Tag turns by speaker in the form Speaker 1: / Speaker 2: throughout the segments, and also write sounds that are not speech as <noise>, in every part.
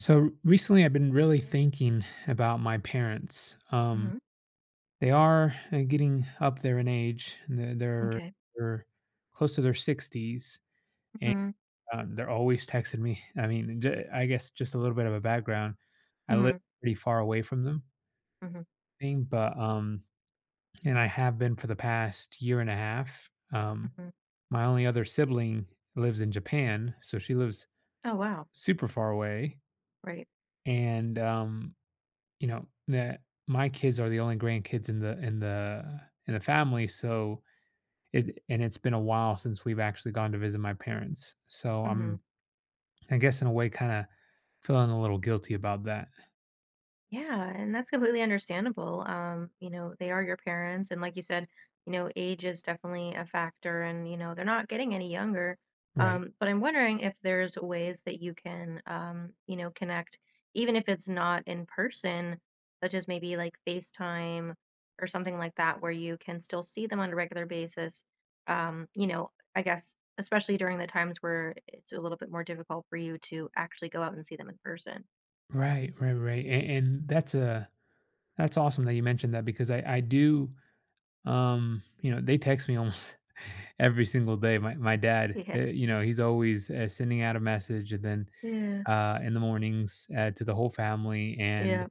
Speaker 1: So, r recently, I've been really thinking about my parents. Um.
Speaker 2: Mhm.
Speaker 1: They are, uh, getting up there in age. And then they're
Speaker 2: Okay.
Speaker 1: they're close to their 60s, and,
Speaker 2: Mhm.
Speaker 1: um, they're always texting me I mean, the I guess, just a little bit of a background. I live
Speaker 2: Mhm.
Speaker 1: pretty far away from them.
Speaker 2: Mhm.
Speaker 1: Th but, um, and I have been for the past year and a half, um,
Speaker 2: Mhm.
Speaker 1: my only other sibling lives in Japan, so, she lives
Speaker 2: Oh, wow.
Speaker 1: super far away.
Speaker 2: Right.
Speaker 1: And, um, you know, that my kids are the only grandkids in the in the uh, in the family, so, it d and it's been a while since we've actually gone to visit my parents. So,
Speaker 2: Mhm.
Speaker 1: I'm, I guess, in a way, kinda feeling a little guilty about that.
Speaker 2: Yeah, and that's completely understandable, um, you know, they are your parents, and like you said, you know, age is definitely a factor and, you know, they're not getting any younger.
Speaker 1: Right.
Speaker 2: Um, but I'm wondering if there's ways that you can, um, you know, connect even if it's not in person, such as maybe, like, FaceTime or something like that where you can still see them on a regular basis, um, you know, uh, I guess, especially during the times where I it's a little bit more difficult for you to actually go out and see them in person.
Speaker 1: Right, ri right an and that's a that's awesome that you mentioned that because I I do, um you know, they text me <chuckles> almost every single day. My my dad
Speaker 2: Yeah.
Speaker 1: eh, you know, he's always, eh, sending out a message and then,
Speaker 2: Yeah.
Speaker 1: uh, in the mornings, eh, to the whole family, and,
Speaker 2: Yep.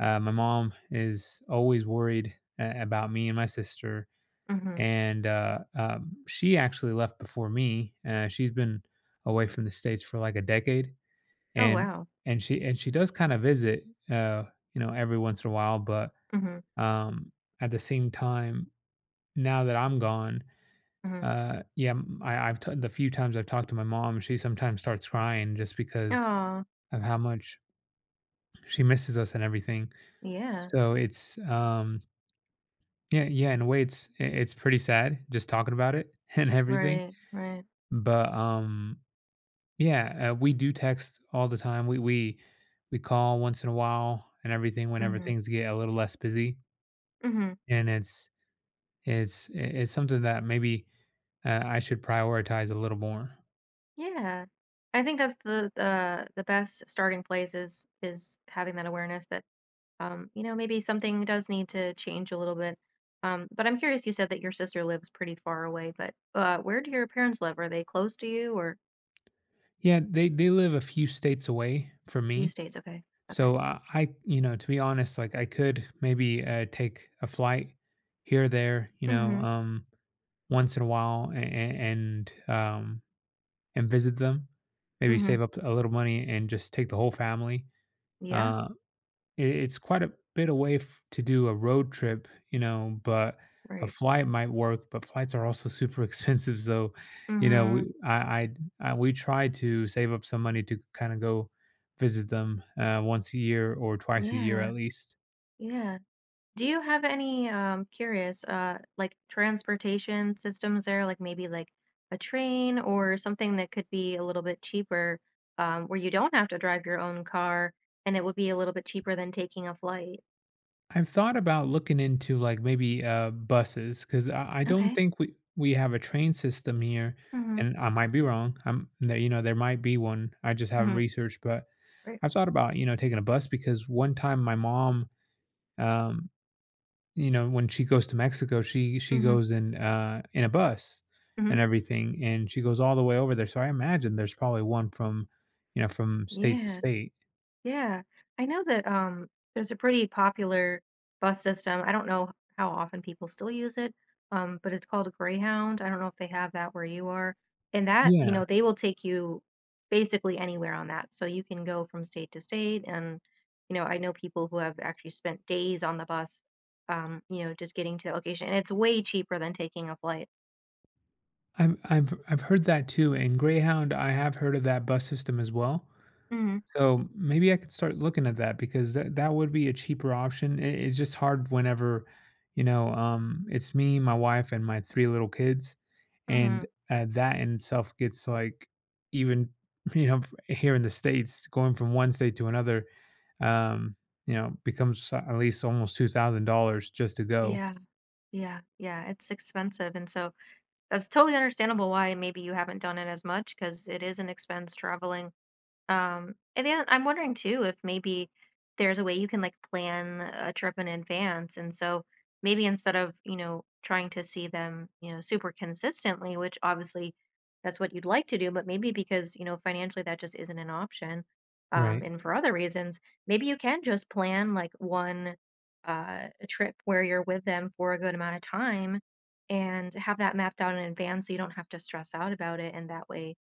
Speaker 1: uh, my mom is always worried, eh, about me and my sister.
Speaker 2: Mhm.
Speaker 1: And, uh um, she actually left before me; eh, she's been away from the States for like a decade.
Speaker 2: Oh,
Speaker 1: And
Speaker 2: wow.
Speaker 1: and she and she does kinda visit, oh, you know, every once in a while, but,
Speaker 2: Mhm.
Speaker 1: um, at the same time, now that I'm gone,
Speaker 2: Mhm.
Speaker 1: uh yeah, m I I've t the few times I've talked to my mom, she sometimes starts crying just because
Speaker 2: Aw.
Speaker 1: of how much she misses us and everything.
Speaker 2: Yeah.
Speaker 1: So it's, um Yeah yeah, in a way, it's i it's pretty sad just talking about it and everything.
Speaker 2: Right. Right.
Speaker 1: But, um yeah, eh, we do text all the time we we we call once in a while and everything whenever
Speaker 2: Mhm.
Speaker 1: things get a little less busy.
Speaker 2: Mhm.
Speaker 1: And it's it's it's i it's something that maybe, eh, I should prioritize a little more.
Speaker 2: Yeah. I think that's the the the best starting place is is having that awareness that, um, you know, maybe something does need to change a little bit. Um, but I'm curious you said that your sister lives pretty far away, but, uh, where do your parents live? Are they close to you? Or
Speaker 1: Yeah, they they live a few states away from
Speaker 2: Few
Speaker 1: me.
Speaker 2: states, okay, okay.
Speaker 1: So, I I you know, to be honest, like, I could maybe, uh, take a flight here or there, you know,
Speaker 2: Mhm.
Speaker 1: um, once in a while an an and, um and visit them. Maybe
Speaker 2: Mhm.
Speaker 1: save up a little money and just take the whole family.
Speaker 2: Yeah.
Speaker 1: Uh, i it's quite a bit away f to do a road trip, you know, but a
Speaker 2: Right.
Speaker 1: flight might work, but flights are also super expensive, so, you know, we
Speaker 2: Mhm.
Speaker 1: I I d I we try to save up some money to k kinda go visit them, uh, once a year or twice a year
Speaker 2: Yeah.
Speaker 1: at least.
Speaker 2: Yeah. Do you have any, um- curious- uh, like, transportation systems there? Like, maybe, like, a train or something that could be a little bit cheaper, um, where you don't have to drive your own car, and it would be a little bit cheaper than taking a flight.
Speaker 1: I've thought about looking into, like, maybe, uh, buses 'cause I I don't
Speaker 2: Okay.
Speaker 1: think we we have a train system here
Speaker 2: Mhm.
Speaker 1: and I might be wrong. Um, there, you know, there might be one. I just haven't
Speaker 2: Mhm.
Speaker 1: researched, but
Speaker 2: Right.
Speaker 1: I thought about, you know, taking a bus because 1 time my mom, um, you know, when she goes to Mexico, she she
Speaker 2: Mhm.
Speaker 1: goes in a in a bus
Speaker 2: Mhm.
Speaker 1: and everything, and she goes all the way over there. So, I imagine there's probably 1 from, you know, from state to
Speaker 2: Yeah.
Speaker 1: state.
Speaker 2: Yeah. I know that, um, there's a pretty popular bus system. I don't know how often people still use it, um, but it's called a Greyhound, I don't know if they have that where you are. And that you
Speaker 1: Yeah.
Speaker 2: know, they will take you basically anywhere on that so, you can go from state to state, and, you know, I know people who have actually spent days on the bus, um, you know, just getting to the location and it's way cheaper than taking a flight.
Speaker 1: I've I've I've heard that too. And Greyhound, I have heard of that bus system as well.
Speaker 2: Mhm.
Speaker 1: So, maybe I could start looking at that because that that would be a cheaper option. I It's just hard whenever, you know, um, it's me, my wife, and my 3 little kids. And,
Speaker 2: Mhm.
Speaker 1: uh, that in itself gets, like, even, you know, here in the States going from 1 state to another, um, you know, becomes at least almost $2,000 just to go.
Speaker 2: Yeah. Yeah, yeah it's expensive, and so that's totally understandable why maybe you haven't done it as much 'cause it is an expense traveling. Um, and then I'm wondering too if maybe there's a way you can, like, plan a trip in advance, and so maybe instead of, you know, trying to see them, you know, super consistently, which obviously that's what you'd like to do, but maybe because, you know, financially, that just isn't an option. Um,
Speaker 1: Right.
Speaker 2: and for other reasons, maybe you can just plan, like, 1 uh, trip where you're with them for a good amount of time and have that mapped out in advance so you don't have to stress out about it, and that way,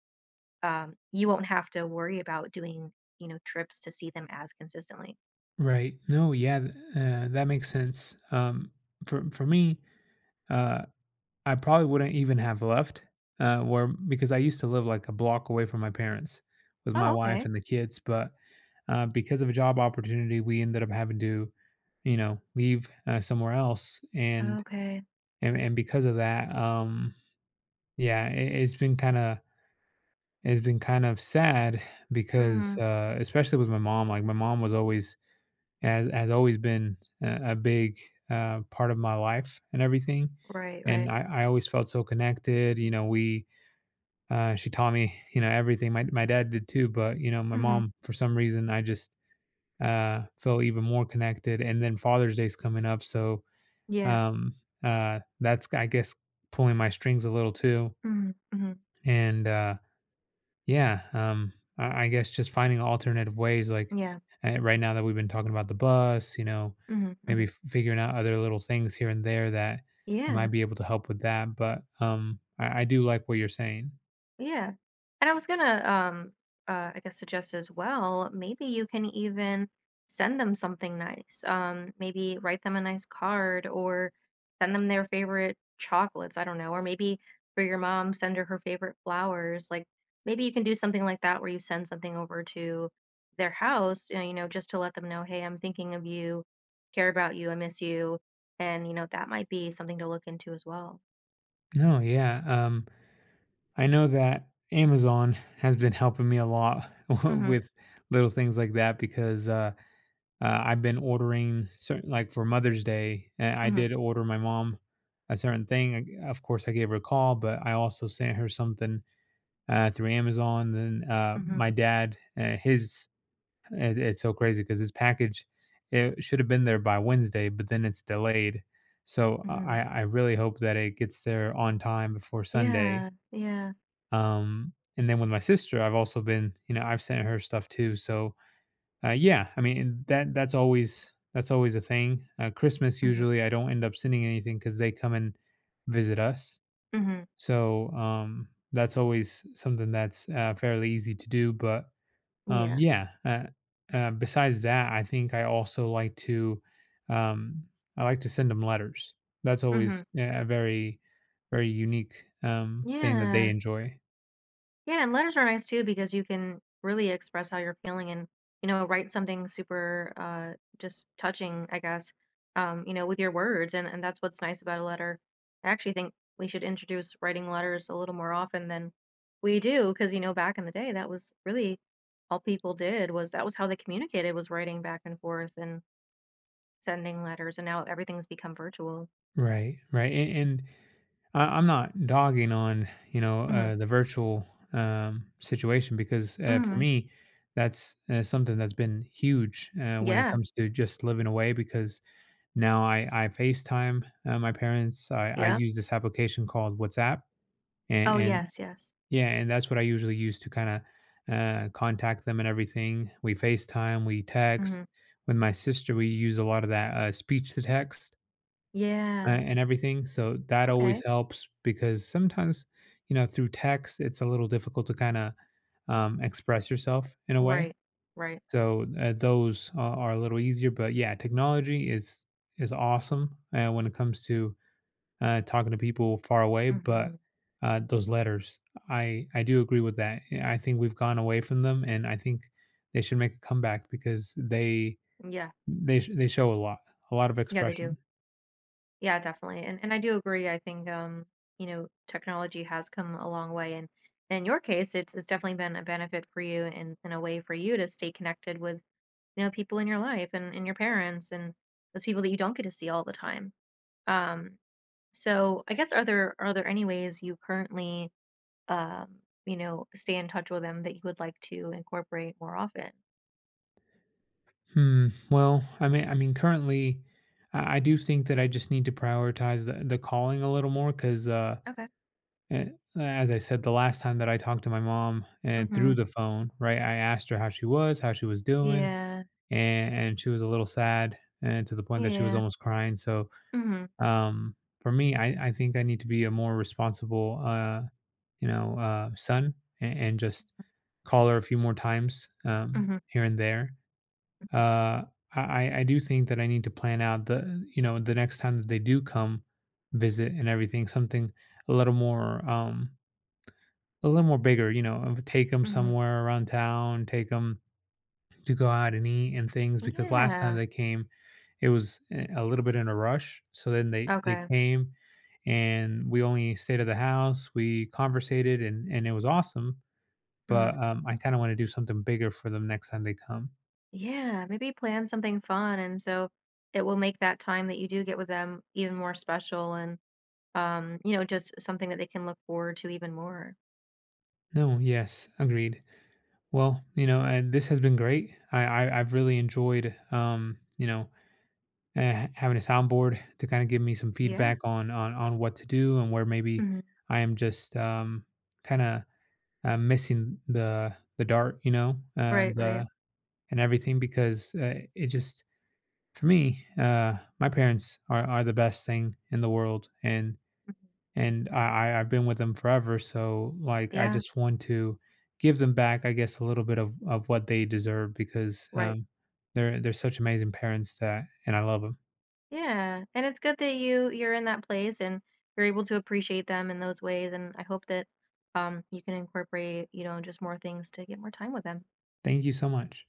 Speaker 2: uh, you won't have to worry about doing, you know, trips to see them as consistently.
Speaker 1: Right. No, yeah. Th uh, that makes sense. Um, for for me, uh, I probably wouldn't even have left, uh, where because I used to live, like a block away from my parents with my
Speaker 2: Oh,
Speaker 1: wife
Speaker 2: okay.
Speaker 1: and the kids. But uh, because of a job opportunity, we ended up having to, you know, leave, uh, somewhere else, and
Speaker 2: Okay.
Speaker 1: and and because of that, um, yeah, i it's been kinda it's been kind of sad because,
Speaker 2: Mhm.
Speaker 1: uh, especially with my mom like, my mom was always has has always been, uh, a big, uh, part of my life and everything.
Speaker 2: Right,
Speaker 1: And
Speaker 2: right.
Speaker 1: I I always felt so connected you know, we uh, she taught me, you know, everything, my my dad did too, but, you know, my
Speaker 2: Mhm.
Speaker 1: mom, for some reason, I just, uh, feel even more connected, and then Father's Day is coming up, so,
Speaker 2: Yeah.
Speaker 1: um, uh, that's, g I guess, pulling my strings a little too.
Speaker 2: Mhm, mhm.
Speaker 1: And, uh. Yeah, um, I I guess just finding alternative ways, like,
Speaker 2: Yeah.
Speaker 1: eh, right now that we've been talking about the bus, you know,
Speaker 2: Mhm,
Speaker 1: maybe
Speaker 2: mhm.
Speaker 1: f figuring out other little things here and there that I might
Speaker 2: Yeah.
Speaker 1: be able to help with that but, um, I I do like what you're saying.
Speaker 2: Yeah, and I was gonna, um, uh, I guess, suggest as well, maybe you can even send them something nice. Um, maybe write them a nice card or send them their favorite chocolates, I don't know. Or maybe for your mom, send her her favorite flowers, like, maybe you can do something like that where you send something over to their house, and you know, just to let them know, "Hey, I'm thinking of you, care about you, I miss you." And, you know, that might be something to look into as well.
Speaker 1: No, yeah, um, I know that Amazon has been helping me a lot w
Speaker 2: Mhm.
Speaker 1: with little things like that because, uh, ah, I've been ordering certain like, for Mother's Day, eh, I
Speaker 2: Mhm.
Speaker 1: did order my mom a certain thing, o of course, I gave her a call, but I also sent her something, ah, through Amazon, then, ah,
Speaker 2: Mhm.
Speaker 1: my dad, eh, his I'd it's so crazy 'cause his package, it should have been there by Wednesday, but then it's delayed, so I
Speaker 2: Mhm.
Speaker 1: I I really hope that it gets there on time before Sunday.
Speaker 2: Yeah, yeah.
Speaker 1: Um, and then with my sister, I've also been you know, I've sent her stuff too, so. Uh, yeah, I mean, that that's always that's always a thing, uh, Christmas
Speaker 2: Mhm.
Speaker 1: usually, I don't end up sending anything 'cause they come and visit us.
Speaker 2: Mhm.
Speaker 1: So, um, that's always something that's, uh, fairly easy to do, but. Um,
Speaker 2: Yeah.
Speaker 1: yeah, eh, uh, besides that, I think I also like to um, I like to send 'em letters. That's always,
Speaker 2: Mhm.
Speaker 1: eh, a very very unique, um, thing that they
Speaker 2: Yeah.
Speaker 1: enjoy.
Speaker 2: Yeah, and letters are nice too because you can really express how you're feeling and, you know, write something super, uh, just touching, I guess, um, you know, with your words, and and that's what's nice about a letter. I actually think we should introduce writing letters a little more often than we do 'cause, you know, back in the day, that was really all people did was that was how they communicated was writing back and forth and sending letters, and now everything's become virtual.
Speaker 1: Right, right, and and I I'm not dogging on, you know,
Speaker 2: Mhm.
Speaker 1: uh, the virtual, um, situation because, eh, for
Speaker 2: Mhm.
Speaker 1: me, that's, eh, something that's been huge, eh, when it
Speaker 2: Yeah.
Speaker 1: comes to just living away because now I I FaceTime, uh, my parents I I
Speaker 2: Yep.
Speaker 1: use this application called WhatsApp. And
Speaker 2: Oh,
Speaker 1: and
Speaker 2: yes, yes.
Speaker 1: yeah, and that's what I usually use to kinda, eh, contact them and everything we FaceTime, we
Speaker 2: Mhm.
Speaker 1: text. With my sister, we use a lot of that, uh, speech to text uh,
Speaker 2: Yeah.
Speaker 1: and everything so, that always
Speaker 2: Okay.
Speaker 1: helps because sometimes, you know, through text, it's a little difficult to kinda, um, express yourself in a way.
Speaker 2: Right. Right.
Speaker 1: So, eh, those are are a little easier, but, yeah, technology is is awesome and when it comes to, eh, talking to people far away, but,
Speaker 2: Mhm.
Speaker 1: uh, those letters, I I do agree with that yeah I think we've gone away from them and I think they should make a comeback because they
Speaker 2: Mm, yeah.
Speaker 1: th they they show a lot, a lot of
Speaker 2: Yeah they do.
Speaker 1: expression.
Speaker 2: Yeah, definitely, and and I do agree I think, um, you know, technology has come a long way, and in your case, it's it's definitely been a benefit for you in in a way for you to stay connected with, you know, people in your life and and your parents and those people that you don't get to see all the time. Um. So, I guess are there are there any ways you currently, um, you know, stay in touch with them that you would like to incorporate more often?
Speaker 1: Hmm, well, I mean I mean, currently, I I do think that I just need to prioritize the the calling a little more 'cause, uh,
Speaker 2: Okay.
Speaker 1: eh, a as I said the last time that I talked to my mom and through
Speaker 2: Mhm.
Speaker 1: the phone, right, I asked her how she was, how she was doing,
Speaker 2: Yeah.
Speaker 1: an and she was a little sad and to the point that she was
Speaker 2: Yeah.
Speaker 1: almost crying. So,
Speaker 2: Mhm.
Speaker 1: um, for me, I I think I need to be a more responsible, uh, you know, uh, son a and just call her a few more times, um,
Speaker 2: Mhm.
Speaker 1: here and there. Uh, I I I do think that I need to plan out the, you know, the next time that they do come visit and everything, something a little more, um a little more bigger. You know, I would take 'em
Speaker 2: Mhm.
Speaker 1: somewhere around town, take 'em to go out and eat and things because last time
Speaker 2: Yeah.
Speaker 1: they came, it was I a little bit in a rush. So then they they
Speaker 2: Okay.
Speaker 1: came, and we only stayed at the house. We conversated and and it was awesome,
Speaker 2: Mm.
Speaker 1: but, um, I kinda wanna do something bigger for them next time they come.
Speaker 2: Yeah, maybe plan something fun, and so it will make that time that you do get with them even more special and, um, you know, just something that they can look forward to even more.
Speaker 1: No. Yes. Agreed. Well, you know, and this has been great. I I I've really enjoyed, um, you know, eh having a sound board to kinda give me some
Speaker 2: Yeah.
Speaker 1: feedback on on on what to do and where maybe
Speaker 2: Mhm.
Speaker 1: I am just, um, kinda, I'm missing the the dart, you know,
Speaker 2: Right.
Speaker 1: and, uh,
Speaker 2: Right.
Speaker 1: and everything because, uh, it just for me, uh, my parents are are the best thing in the world and and I I I've been with them forever. So, like, I
Speaker 2: Yeah.
Speaker 1: just want to give them back, I guess, a little bit of of what they deserve because,
Speaker 2: Right.
Speaker 1: um, they're they're such amazing parents that and I love them.
Speaker 2: Yeah. And it's good that you you're in that place and you're able to appreciate them in those ways, and I hope that, um, you can incorporate, you know, just more things to get more time with them.
Speaker 1: Thank you so much.